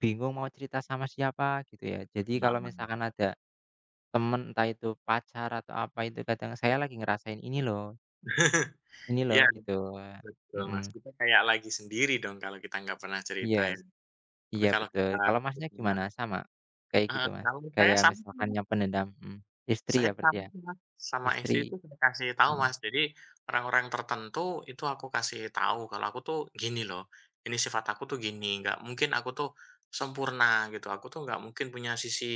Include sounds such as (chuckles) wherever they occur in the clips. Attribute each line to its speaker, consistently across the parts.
Speaker 1: Bingung mau cerita sama siapa, gitu ya. Jadi kalau
Speaker 2: Heeh.
Speaker 1: misalkan ada, teman entah itu pacar atau apa, itu kadang saya lagi ngerasain ini loh
Speaker 2: (laughs)
Speaker 1: ini loh,
Speaker 2: Iya,
Speaker 1: gitu.
Speaker 2: betul Mas,
Speaker 1: Mhm.
Speaker 2: kita kayak lagi sendiri dong, kalau kita nggak pernah
Speaker 1: Iyes.
Speaker 2: ceritain. Tapi
Speaker 1: Iya,
Speaker 2: kalau kita
Speaker 1: betul. Kalau
Speaker 2: nggak
Speaker 1: Masnya gimana
Speaker 2: pernah
Speaker 1: sama, kayak gitu
Speaker 2: Heeh,
Speaker 1: Mas?
Speaker 2: kalau saya
Speaker 1: Kayak
Speaker 2: sama sih
Speaker 1: misalkan
Speaker 2: Mas.
Speaker 1: nyimpen dendam mhm. Istri
Speaker 2: Saya
Speaker 1: ya, berarti,
Speaker 2: sama
Speaker 1: ya?
Speaker 2: sih Mas, sama
Speaker 1: Istri
Speaker 2: istri itu dikasih tahu
Speaker 1: mhm.
Speaker 2: Mas. Jadi, orang-orang tertentu itu aku kasih tahu kalau aku tuh, "Gini loh, ini sifat aku tuh gini, nggak mungkin aku tuh sempurna," gitu. "Aku tuh nggak mungkin punya sisi,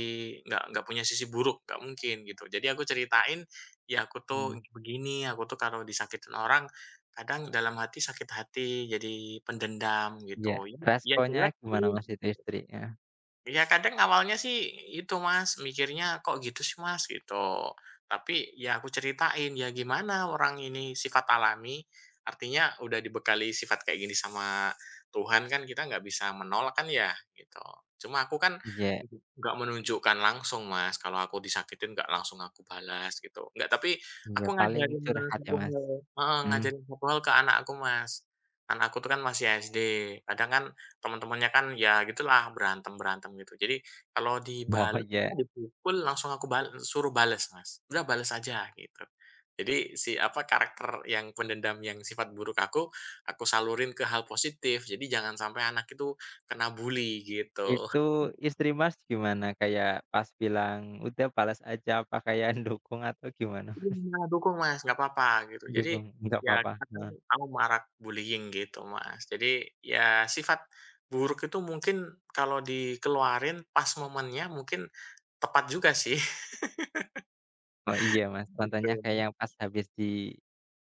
Speaker 2: nggak nggak punya sisi buruk, nggak mungkin," gitu. Jadi aku ceritain, "Ya aku tuh
Speaker 1: Mhm.
Speaker 2: begini, aku tuh kalau disakitin orang, kadang dalam hati, sakit hati, jadi pendendam,"
Speaker 1: Iya,
Speaker 2: gitu. Ya
Speaker 1: responnya
Speaker 2: jelek
Speaker 1: gimana
Speaker 2: sih,
Speaker 1: Mas itu,
Speaker 2: gitu.
Speaker 1: istri? Heeh.
Speaker 2: Iya kadang awalnya sih, itu Mas, mikirnya "Kok gitu sih Mas?" Gitu. Tapi, ya aku ceritain, "Ya gimana, orang ini sifat alami." Artinya udah dibekali sifat kayak gini sama Tuhan kan kita nggak bisa menolak kan ya, gitu. Cuman aku kan
Speaker 1: Iya.
Speaker 2: nggak menunjukkan langsung Mas, kalau aku disakitin nggak langsung aku balas gitu, nggak tapi
Speaker 1: Iya,
Speaker 2: aku
Speaker 1: paling
Speaker 2: ngajarin
Speaker 1: curhat ya Mas?
Speaker 2: pukul heeh
Speaker 1: Mhm.
Speaker 2: ngajarin pukul ke anak aku Mas. Anak aku tuh kan masih SD, kadang kan teman-temannya kan, ya gitulah berantem-berantem gitu. Jadi, kalau
Speaker 1: Oh,
Speaker 2: dibales
Speaker 1: iya.
Speaker 2: dipukul langsung aku bal suruh bales Mas, "Udah bales aja," gitu. Jadi si apa, karakter yang pendendam yang sifat buruk aku, aku salurin ke hal positif. Jadi jangan sampai anak itu kena bully, gitu.
Speaker 1: Itu
Speaker 2: (chuckles)
Speaker 1: istri Mas gimana, kayak pas bilang, "Udah balas aja," apa kayak yang dukung atau gimana
Speaker 2: Ini
Speaker 1: Mas? (chuckles)
Speaker 2: malah dukung Mas, nggak apa-apa gitu. Jadi,
Speaker 1: Dukung? Enggak
Speaker 2: ya di
Speaker 1: apa-apa?
Speaker 2: sana kan
Speaker 1: Heeh.
Speaker 2: anu, marak bullying gitu Mas. Jadi, ya sifat buruk itu mungkin kalau dikeluarin pas momennya, mungkin, tepat juga sih.
Speaker 1: Oh, iya
Speaker 2: (laughs)
Speaker 1: Mas, contohnya kayak
Speaker 2: Betul.
Speaker 1: yang pas habis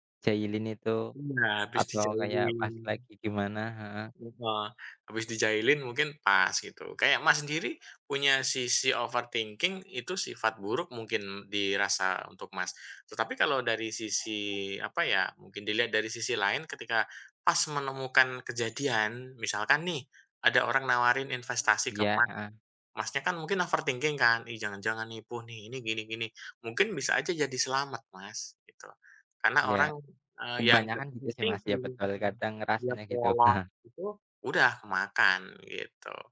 Speaker 1: dijailin itu,
Speaker 2: Iya, habis
Speaker 1: atau kayak
Speaker 2: dijailin.
Speaker 1: pas lagi gimana? Heeh.
Speaker 2: Heeh, habis dijailin mungkin pas, gitu, kayak Mas sendiri, punya sisi overthinking itu sifat buruk mungkin dirasa untuk Mas. Tetapi kalau dari sisi, apa ya, mungkin dilihat dari sisi lain, ketika pas menemukan kejadian. Misalkan nih, ada orang nawarin investasi ke
Speaker 1: Iya,
Speaker 2: Mas,
Speaker 1: heeh.
Speaker 2: Masnya kan mungkin overthinking kan, "Ih jangan-jangan nipu nih, ini gini-gini." Mungkin bisa aja jadi selamat Mas, gitu. Karena
Speaker 1: Iya.
Speaker 2: orang, eee, yang (unintelligible)
Speaker 1: Kebanyakan gitu sih Mas ya
Speaker 2: overthinking
Speaker 1: betul,
Speaker 2: (unintelligible)
Speaker 1: kadang
Speaker 2: dia
Speaker 1: rasanya, gitu
Speaker 2: polos
Speaker 1: heeh.
Speaker 2: itu, udah kemakan, gitu. (laughs)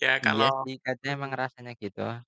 Speaker 2: Iya
Speaker 1: Iya
Speaker 2: kalau
Speaker 1: sih, kadang emang
Speaker 2: mhm.
Speaker 1: rasanya gitu.